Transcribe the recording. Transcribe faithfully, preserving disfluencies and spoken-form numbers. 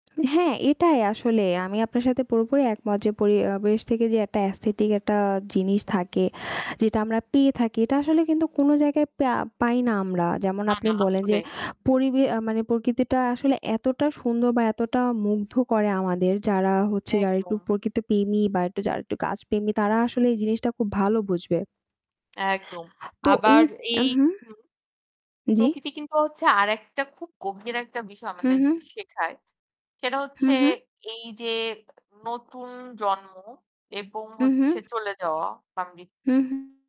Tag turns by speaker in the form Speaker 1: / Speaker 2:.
Speaker 1: হ্যাঁ এটাই আসলেই আমি আপনার সাথে পুরোপুরি একমত। যে পরিয়াবেশ থেকে যে অ্যাটা অ্যাসথেটিক একটা জিনিস থাকে। যেটা আমরা পেয়ে থাকি এটা আসলে কিন্তু কোনো জায়গায় পেয়া পাই না আমরা যেমন
Speaker 2: না,
Speaker 1: আপনি
Speaker 2: না
Speaker 1: বলেন যে
Speaker 2: আসলে।
Speaker 1: পরিবে আ মানে প্রকৃতিটা আসলে এতটা সুন্দর বা এতটা মুগ্ধ করে আমাদের। যারা হচ্ছে যারা একটু
Speaker 2: একদম।
Speaker 1: প্রকৃতপেমী বা এট্টু যারা এট্টু গাছপেমী তারা আসলে এই জিনিসটা খুব ভালো বুঝবে।
Speaker 2: একদম।
Speaker 1: তো এই
Speaker 2: আবার
Speaker 1: জ উ
Speaker 2: এই
Speaker 1: হু,
Speaker 2: হু,
Speaker 1: জ্বি।
Speaker 2: প্রকৃতি কিন্তু হচ্ছে আরেকটা খুব গভীর একটা বিষয়
Speaker 1: হু,
Speaker 2: আমাদের
Speaker 1: হু।
Speaker 2: জ শেখায়। সেটা
Speaker 1: হু,
Speaker 2: হচ্ছে
Speaker 1: হু।
Speaker 2: এইযে নতুন জন্ম এবং
Speaker 1: উ
Speaker 2: হচ্ছে
Speaker 1: হু।
Speaker 2: চলে যাওয়া। বা মি
Speaker 1: হু, হু।